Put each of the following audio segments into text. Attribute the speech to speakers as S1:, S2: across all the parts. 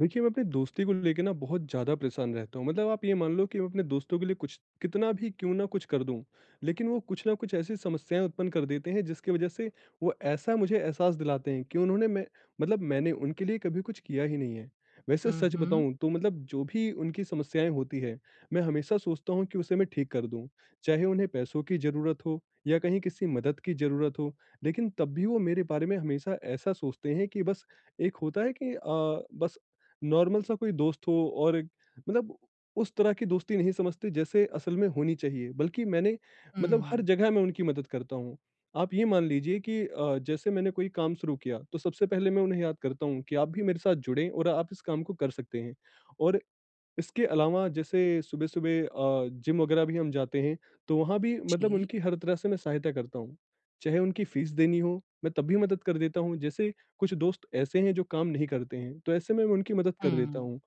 S1: देखिए, मैं अपनी दोस्ती को लेके ना बहुत ज़्यादा परेशान रहता हूँ, मतलब आप ये मान लो कि मैं अपने दोस्तों के लिए कुछ कितना भी क्यों ना कुछ कर दूँ। लेकिन वो कुछ ना कुछ ऐसी समस्याएँ उत्पन्न कर देते हैं, जिसकी वजह से वो ऐसा मुझे एहसास दिलाते हैं कि उन्होंने मै मतलब मैंने उनके लिए कभी कुछ किया ही नहीं है। वैसे
S2: हुँ,
S1: सच
S2: हुँ।
S1: बताऊँ तो मतलब जो भी उनकी समस्याएँ होती हैं, मैं हमेशा सोचता हूँ कि उसे मैं ठीक कर दूँ, चाहे उन्हें पैसों की ज़रुरत हो या कहीं किसी मदद की ज़रूरत हो, लेकिन तब भी वो मेरे बारे में हमेशा ऐसा सोचते हैं कि बस एक होता है कि अ, बस नॉर्मल सा कोई दोस्त हो और मतलब उस तरह की दोस्ती नहीं समझते जैसे असल में होनी चाहिए। बल्कि मैंने मतलब हर
S2: हुँ।
S1: जगह में उनकी मदद करता हूँ, आप ये मान लीजिए की अ, जैसे मैंने कोई काम शुरू किया तो सबसे पहले मैं उन्हें याद करता हूँ कि आप भी मेरे साथ जुड़े और आप इस काम को कर सकतें हैं और इसके अलावा जैसे सुबह-सुबह अ, जिम वगैरह भी हम जाते हैं, तो वहाँ भी मतलब
S2: जी।
S1: उनकी हर तरह से मैं सहायता करता हूँ। चाहे उनकी फीस देनी हो मैं तब भी मदद कर देता हूँ, जैसे कुछ दोस्त ऐसे है जो काम नहीं करते हैं तो ऐसे में उनकी मदद कर देता
S2: हुँ।
S1: हूँ।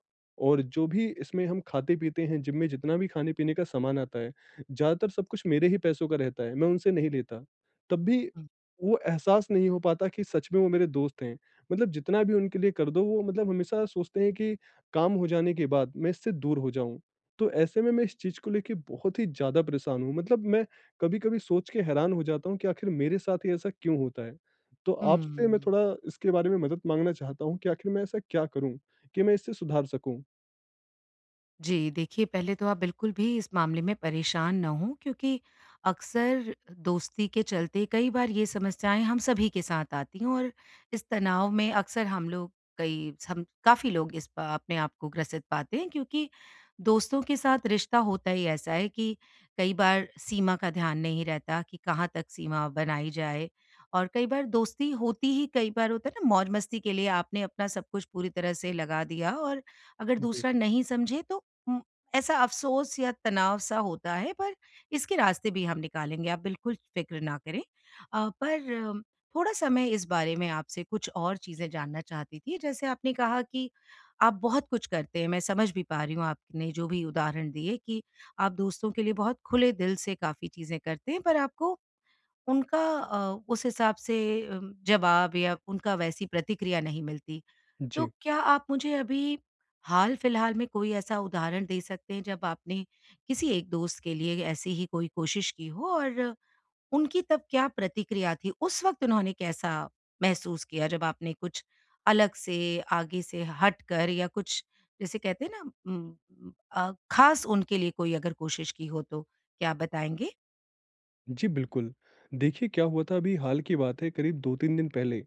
S1: और जो भी इसमें हम खाते-पीते हैं जिम में जितना भी खाने-पीने का सामान आता है, ज़्यादातर सब कुछ मेरे ही पैसों का रहता है मैं उनसे नहीं लेता, तब भी
S2: हुँ।
S1: वो एहसास नहीं हो पाता कि सच में वो मेरे दोस्त हैं। मतलब जितना भी उनके लिए कर दो वो मतलब हमेशा सोचते हैं कि काम हो जाने के बाद मैं इससे दूर हो जाऊँ, तो ऐसे में मैं इस चीज़ को लेके बहुत ही ज़्यादा परेशान हूँ। मतलब मैं कभी-कभी सोच के हैरान हो जाता हूँ कि आखिर मेरे साथ ही ऐसा क्यों होता है? तो आपसे मैं
S2: हुँ।
S1: थोड़ा इसके बारे में मदद माँगना चाहता हूँ कि आखिर मैं ऐसा क्या करूँ कि मैं इसे सुधार सकूँ?
S2: जी देखिए पहले तो आप बिल्कुल भी इस मामले में परेशान ना हों क्योंकि अक्सर दोस्ती के चलते कई बार ये समस्याएँ हम सभी के साथ आती हैं और इस तनाव में अक्सर हम लोग कई हम काफ़ी लोग इस अ, अपने आपको ग्रसित पाते हैं क्योंकि दोस्तों के साथ रिश्ता होता ही ऐसा है कि कई बार सीमा का ध्यान नहीं रहता कि कहाँ तक सीमा बनाई जाए। और कई बार दोस्ती होती ही कई बार होता है ना, मौज़-मस्ती के लिए आपने अपना सब कुछ पूरी तरह से लगा दिया और अगर
S1: जी।
S2: दूसरा नहीं समझे तो उम, ऐसा अफ़सोस या तनाव सा होता है पर इसके रास्ते भी हम निकालेंगे, आप बिल्कुल फिक्र ना करें। अ, पर थोड़ा-सा मैं इस बारे में आपसे कुछ और चीज़ें जानना चाहती थी। जैसे आपने कहा कि आप बहुत कुछ करते हैं, मैं समझ भी पा रही हूँ आपने जो भी उदाहरण दिए कि आप दोस्तों के लिए बहुत खुले दिल से काफ़ी चीज़ें करते हैं, पर आपको उनका अ, उस हिसाब से उम, जवाब या उनका वैसी प्रतिक्रिया नहीं मिलती। तो
S1: जी।
S2: क्या आप मुझे अभी हाल-फ़िलहाल में कोई ऐसा उदाहरण दे सकते हैं जब आपने किसी एक दोस्त के लिए ऐसी ही कोई कोशिश की हो और उनकी तब क्या प्रतिक्रिया थी? उस वक़्त उन्होंने कैसा महसूस किया जब आपने कुछ अलग से, आगे से हटकर या कुछ जिसे कहते हैं ना उम, अ, ख़ास उनके लिए कोई अगर कोशिश की हो तो, क्या आप बताएँगे?
S1: जी, बिल्कुल। देखिए, क्या हुआ था, अभी हाल की बात है करीब 2-3 दिन पहले,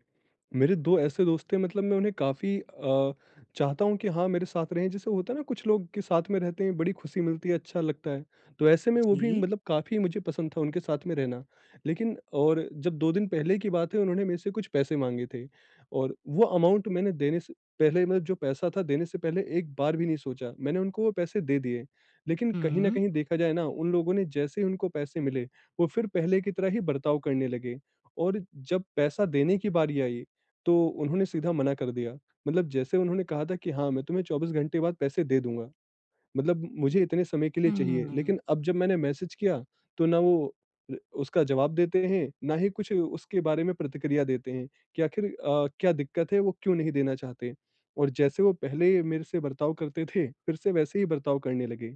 S1: मेरे दो ऐसे दोस्त थे, मतलब मैं उन्हें काफ़ी अ, चाहता हूँ कि हाँ, मेरे साथ रहें। जैसे होता है ना कुछ लोग के साथ में रहते हैं, बड़ी खुशी मिलती है, अच्छा लगता है, तो ऐसे में वो भी
S2: जी।
S1: मतलब काफ़ी मुझे पसंद था उनके साथ में रहना। लेकिन और जब 2 दिन पहले की बात है, उन्होंने मेरे से कुछ पैसे माँगे थे। और वो अमाउंट मैंने देने से पहले मैं जो पैसा था देने से पहले एक बार भी नहीं सोचा, मैंने उनको वो पैसे दे दिए। लेकिन कहीं न
S2: हुँ।
S1: कहीं देखा जाए ना, उन लोगों ने जैसे ही उनको पैसे मिले, वो फिर पहले की तरह ही बर्ताव करने लगे। और जब पैसा देने की बारी आई, तो उन्होंने सीधा मना कर दिया। मतलब जैसे उन्होंने कहा था कि, "हाँ, मैं तुम्हे 24 घंटे के बाद पैसे दे दूँगा, मतलब मुझे इतने समय के लिए चाहिए।"
S2: हम्म।
S1: लेकिन अब जब मैंने मैसेज किया, तो ना वो अ, उसका जवाब देते हैं, ना ही कुछ उसके बारे में प्रतिक्रिया देते हैं कि आखिर अ, क्या दिक्कत है, वो क्यों नहीं देना चाहते। और जैसे वो पहले मेरे से बर्ताव करते थे, फिर से वैसे ही बर्ताव करने लगे।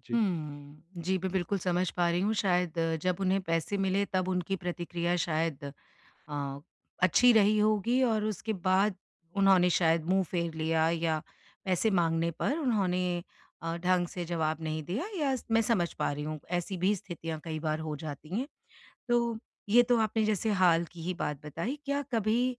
S1: जी।
S2: हम्म। जी, मैं बिल्कुल समझ पा रही हूँ। शायद जब उन्हें पैसे मिले, तब उनकी प्रतिक्रिया शायद अ, अच्छी रही होगी और उसके बाद उन्होंने शायद मुँह फेर लिया या पैसे माँगने पर उन्होंने अ, ढँग से जवाब नहीं दिया, या स मैं समझ पा रही हूँ, ऐसी भी स्थितियाँ कई बार हो जाती हैं। तो ये तो आपने जैसे हाल की ही बात बताई। क्या कभी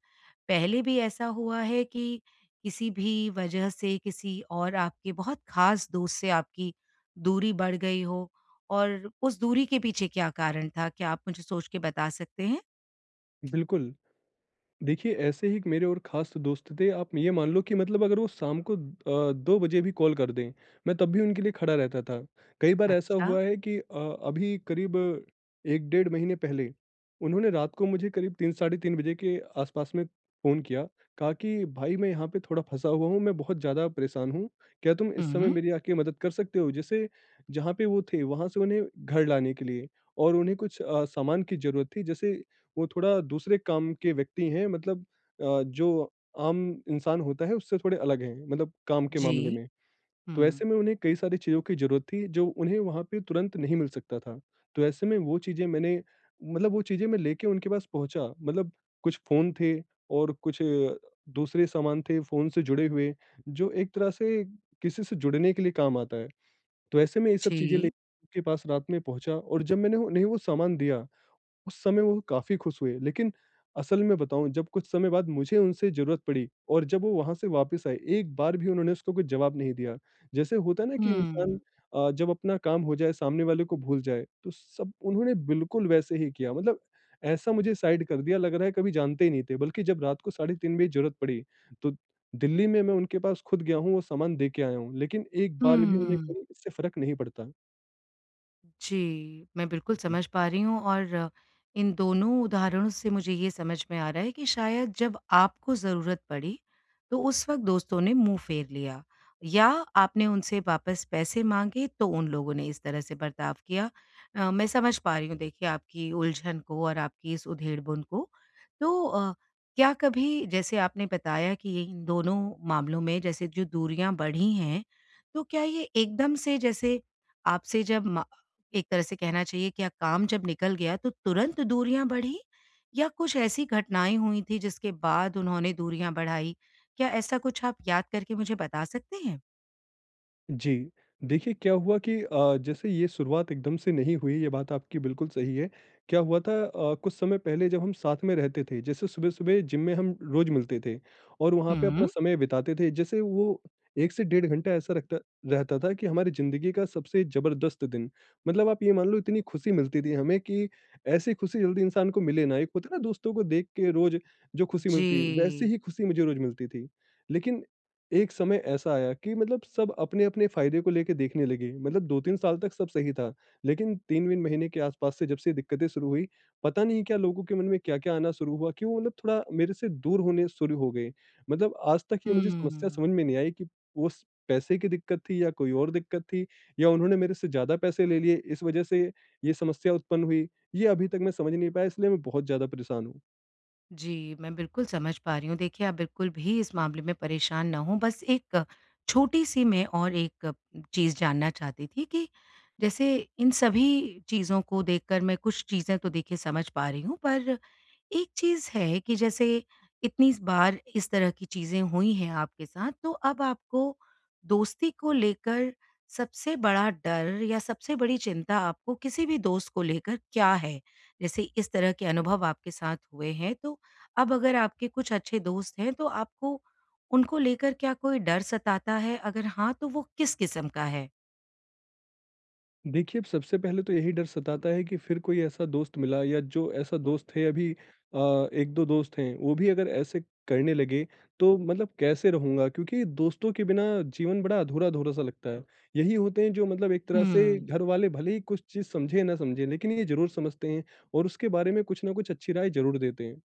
S2: पहले भी ऐसा हुआ है कि किसी भी वजह से किसी और आपके बहुत ख़ास दोस्त से आपकी दूरी बढ़ गई हो, और उस दूरी के पीछे क्या कारण था, क्या आप मुझे सोच के बता सकते हैं?
S1: बिल्कुल। देखिए, ऐसे ही एक मेरे और ख़ास दोस्त थे, आप ये मान लो कि मतलब अगर वो शाम को अ, 2 बजे भी कॉल कर दें, मैं तब भी उनके लिए खड़ा रहता था। कई बार ऐसा
S2: अच्छा।
S1: हुआ है कि अ, अभी करीब 1 डेढ़ महीने पहले, उन्होंने रात को मुझे करीब 3, साढ़े 3 बजे के आसपास में फ़ोन किया। कहा कि, "भाई, मैं यहाँ पे थोड़ा फँसा हुआ हूँ, मैं बहुत ज़्यादा परेशान हूँ, क्या तुम इस समय
S2: हुँ।
S1: मेरी आके मदद कर सकते हो?" जैसे जहाँ पे वो थे, वहाँ से उन्हें घर लाने के लिए, और उन्हें कुछ अ, सामान की ज़रूरत थी, जैसे वो थोड़ा दूसरे काम के व्यक्ति हैं, मतलब अ, जो आम इंसान होता है उससे थोड़े अलग हैं, मतलब काम के मामले
S2: जी।
S1: में। तो ऐसे
S2: हुँ।
S1: में उन्हें कई सारी चीज़ों की ज़रूरत थी जो उन्हें वहाँ पे तुरंत नहीं मिल सकता था। तो ऐसे में वो चीज़ें मैंने मतलब वो चीज़ें मैं लेके उनके पास पहुँचा, मतलब कुछ फ़ोन थे और कुछ दूसरे सामान थे फ़ोन से जुड़े हुए, जो एक तरह से किसी से जुड़ने के लिए काम आता है। तो ऐसे मैं ये सब चीज़े
S2: जी।
S1: लेके पास रात में पहुँचा, और जब मैंने वो उन्हें वो सामान दिया, उस समय वो काफ़ी खुश हुए। लेकिन असल में बताऊँ, जब कुछ समय बाद मुझे उनसे ज़रूरत पड़ी और जब वो वहाँ से वापस आए, एक बार भी उन्होंने उसको कुछ जवाब नहीं दिया। जैसे होता है ना कि इंसान
S2: हुँ।
S1: अ, जब अपना काम हो जाए सामने वाले को भूल जाए, तो सब उन्होंने बिल्कुल वैसे ही किया। मतलब ऐसा मुझे साइड कर दिया, लग रहा है कभी जानते ही नहीं थे। बल्कि जब रात को साढ़े 3 बजे ज़रूरत पड़ी, तो दिल्ली में मैं उनके पास खुद गया हूँ, वो सामान देके आया हूँ, लेकिन एक बार भी उन्हें
S2: हुँ।
S1: कोई इससे फ़र्क नहीं पड़ता।
S2: जी, मैं बिल्कुल
S1: जी।
S2: समझ पा रही हूँ और इन दोनों उदाहरणों से मुझे ये समझ में आ रहा है कि शायद जब आपको ज़रूरत पड़ी, तो उस वक़्त दोस्तों ने मुँह फेर लिया या आपने उनसे वापस पैसे माँगे तो उन लोगों ने इस तरह से बर्ताव किया। अ, मैं समझ पा रहीं हूँ देखिए आपकी उलझन को और आपकी इस उधेड़-बुन को। तो अ, क्या कभी जैसे आपने बताया कि ये इन दोनों मामलों में जैसे जो दूरियाँ बढ़ी हैं, तो क्या ये एकदम से जैसे आपसे जब मा एक तरह से कहना चाहिए क्या काम जब निकल गया तो तुरंत दूरियाँ बढ़ीं? या कुछ ऐसी घटनाएँ हुईं थी जिसके बाद उन्होंने दूरियाँ बढ़ाई? क्या ऐसा कुछ आप याद करके मुझे बता सकतें हैं?
S1: जी। देखिए क्या हुआ कि अ, जैसे ये शुरुआत एकदम से नहीं हुई ये बात आपकी बिल्कुल सही है। क्या हुआ था अ, कुछ समय पहले जब हम साथ में रहते थे जैसे सुबह-सुबह जिम में हम रोज़ मिलते थे और वहाँ पे
S2: हुँ।
S1: अपना समय बिताते थे। जैसे वो 1 से डेढ़ घंटा ऐसा रखता रहता था कि हमारी जिंदगी का सबसे ज़बरदस्त दिन मतलब आप ये मान लो इतनी खुशी मिलती थी हमें कि ऐसी खुशी जल्दी इंसान को मिले ना, एक होता ना दोस्तों को देख के रोज़ जो खुशी मिलती है, वैसे
S2: जी।
S1: ही खुशी मुझे रोज़ मिलती थी। लेकिन एक समय ऐसा आया कि मतलब सब अपने-अपने फ़ायदे को लेके देखने लगे। मतलब 2-3 साल तक सब सही था। लेकिन 3 वीन महीने के आस-पास से जब से दिक्कतें शुरू हुईं पता नहीं क्या लोगों के मन में क्या-क्या आना शुरू हुआ कि वो मतलब थोड़ा मेरे से दूर होने शुरू हो गए। मतलब आज तक ये मुझे समस्या
S2: हुँ।
S1: समझ में नहीं आई कि उस पैसे की दिक्कत थी या कोई और दिक्कत थी या उन्होंने मेरे से ज़्यादा पैसे ले लिए इस वजह से ये समस्या उत्पन्न हुई। ये अभी तक मैं समझ नहीं पाया इसलिए मैं बहुत ज़्यादा परेशान हूँ।
S2: जी, मैं बिल्कुल समझ पा रही हूँ। देखिए, आप बिल्कुल भी इस मामले में परेशान ना हों बस एक छोटी-सी मैं और एक चीज़ जानना चाहती थी कि, जैसे इन सभी चीज़ों को देखकर मैं कुछ चीज़ें तो देखिए समझ पा रही हूँ, पर एक चीज़ है कि जैसे इतनी बार इस तरह की चीज़ें हुई हैं आपके साथ, तो अब आपको दोस्ती को लेकर सबसे बड़ा डर या सबसे बड़ी चिंता आपको किसी भी दोस्त को लेकर क्या है? जैसे इस तरह के अनुभव आपके साथ हुए हैं, तो अब अगर आपके कुछ अच्छे दोस्त हैं, तो आपको उनको लेकर क्या कोई डर सताता है? अगर हाँ, तो वो किस किस्म का है?
S1: देखिए, अब सबसे पहले तो यही डर सताता है कि फिर कोई ऐसा दोस्त मिला या जो ऐसा दोस्त है अभी अ, 1-2 दोस्त हैं, वो भी अगर ऐसे करने लगे तो मतलब कैसे रहूँगा? क्योंकि दोस्तों के बिना जीवन बड़ा अधूरा-अधूरा सा लगता है। यही होते हैं जो मतलब एक तरह से
S2: हुँ।
S1: घर वाले भले ही कुछ चीज़ समझे या न समझे, लेकिन ये ज़रूर समझते हैं और उसके बारे में कुछ न कुछ अच्छी राय ज़रूर देते हैं।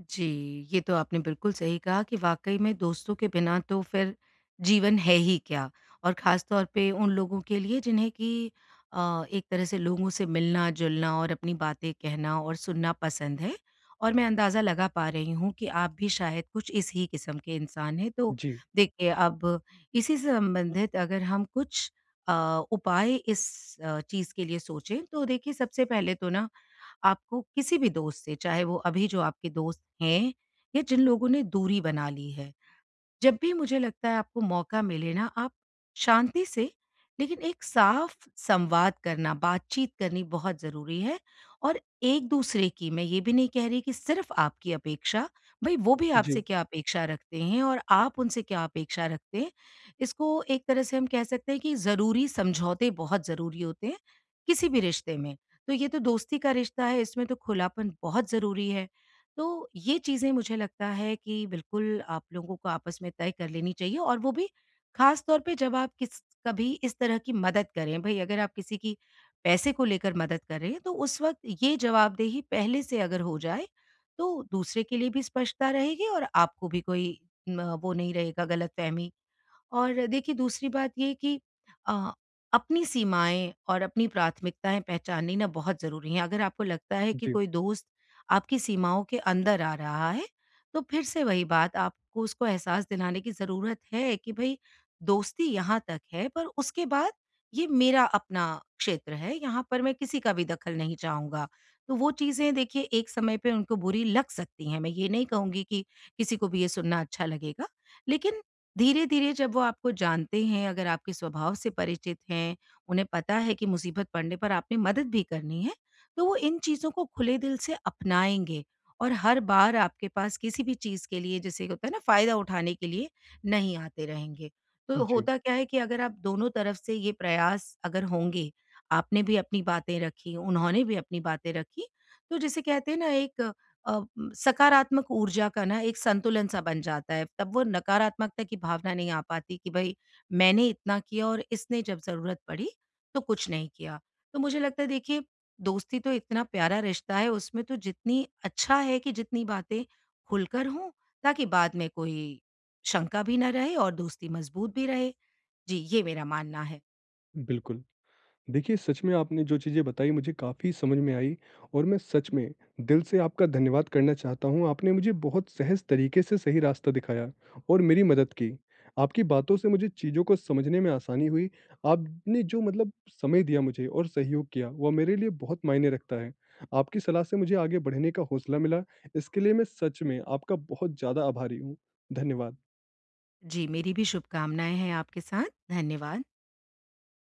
S2: जी, ये तो आपने बिल्कुल सही कहा कि वाक़ई में दोस्तों के बिना तो फिर जीवन है ही क्या। और ख़ासतौर पे उन लोगों के लिए, जिन्हें कि अ, एक तरह से लोगों से मिलना-जुलना और अपनी बातें कहना और सुनना पसंद है, और मैं अंदाज़ा लगा पा रही हूँ कि आप भी शायद कुछ इस ही किस्म के इंसान हैं। तो
S1: जी।
S2: देखिए, अब इसी से संबंधित अगर हम कुछ अ, उपाय इस अ, चीज़ के लिए सोचें, तो देखिए, सबसे पहले तो ना, आपको किसी भी दोस्त से, चाहे वो अभी जो आपके दोस्त हैं या जिन लोगों ने दूरी बना ली है, जब भी मुझे लगता है, आपको मौका मिले ना, आप शांति से, लेकिन एक साफ संवाद करना, बात-चीत करनी बहुत ज़रूरी है। और एक-दूसरे की, मैं ये भी नहीं कह रही कि सिर्फ़ आपकी अपेक्षा। भई, वो भी आपसे
S1: जी।
S2: क्या अपेक्षा रखते हैं और आप उनसे क्या अपेक्षा रखते हैं, इसको एक तरह से हम कह सकते हैं कि ज़रूरी समझौते बहुत ज़रूरी होते हैं, किसी भी रिश्ते में। तो ये तो दोस्ती का रिश्ता है, इसमें तो खुलापन बहुत ज़रूरी है। तो ये चीज़ें, मुझे लगता है कि बिल्कुल आप लोगों को आपस में तय कर लेनी चाहिए और वो भी ख़ासतौर पे, जब आप किस कभी इस तरह की मदद करें। भई, अगर आप किसी की पैसे को लेकर मदद कर रहे हैं, तो उस वक़्त ये जवाबदेही पहले से अगर हो जाए, तो दूसरे के लिए भी स्पष्टता रहेगी और आप को भी कोई म वो नहीं रहेगा, ग़लतफ़हमी। और देखिए, दूसरी बात ये है कि अ, अपनी सीमाएँ और अपनी प्राथमिकताएँ पहचाननी ना, बहुत ज़रूरी हैं। अगर आपको लगता है कि
S1: जी।
S2: कोई दोस्त आपकी सीमाओं के अंदर आ रहा है, तो फिर से वही बात आपको उसको एहसास दिलाने की ज़रूरत है कि भई, दोस्ती यहाँ तक है, पर उसके बाद ये मेरा अपना क्षेत्र है। यहाँ पर मैं किसी का भी दखल नहीं चाहूँगा। तो वो चीज़ें, देखिए, एक समय पे उनको बुरी लग सकती हैं। मैं ये नहीं कहूँगी कि किसी को भी ये सुनना अच्छा लगेगा। लेकिन धीरे-धीरे जब वो आपको जानते हैं, अगर आपके स्वभाव से परिचित हैं, उन्हें पता है कि मुसीबत पड़ने पर आपने मदद भी करनी है, तो वो इन चीज़ों को खुले दिल से अपनाएँगे और हर बार आपके पास किसी भी चीज़ के लिए, जैसे एक होता है ना, फ़ायदा उठाने के लिए नहीं आते रहेंगे।
S1: उ,
S2: तो
S1: जी।
S2: होता क्या है कि अगर आप दोनों तरफ से ये प्रयास अगर होंगे, आपने भी अपनी बातें रखीं, उन्होंने भी अपनी बातें रखीं, तो जिसे कहते हैं ना, एक अ, सकारात्मक ऊर्जा का ना एक संतुलन-सा बन जाता है। तब वो नकारात्मकता की भावना नहीं आ पाती कि भई, मैंने इतना किया और इसने जब ज़रूरत पड़ी, तो कुछ नहीं किया। तो मुझे लगता है, देखिए, दोस्ती तो इतना प्यारा रिश्ता है, उसमें तो जितनी, अच्छा है कि जितनी बातें खुलकर हों, ताकि बाद में कोई शंका भी ना रहे और दोस्ती मज़बूत भी रहे। जी, ये मेरा मानना है।
S1: बिल्कुल। देखिए, सच में आपने जो चीज़ें बताई, मुझे काफ़ी समझ में आईं और मैं सच में दिल से आपका धन्यवाद करना चाहता हूँ। आपने मुझे बहुत सहज तरीके से सही रास्ता दिखाया और मेरी मदद की। आपकी बातों से मुझे चीजों को समझने में आसानी हुई। आपने जो मतलब समय दिया मुझे और सहयोग किया, वो मेरे लिए बहुत मायने रखता है। आपकी सलाह से मुझे आगे बढ़ने का हौसला मिला, इसके लिए मैं सच में आपका बहुत ज़्यादा आभारी हूँ। धन्यवाद।
S2: जी, मेरी भी शुभकामनाएँ हैं आपके साथ। धन्यवाद।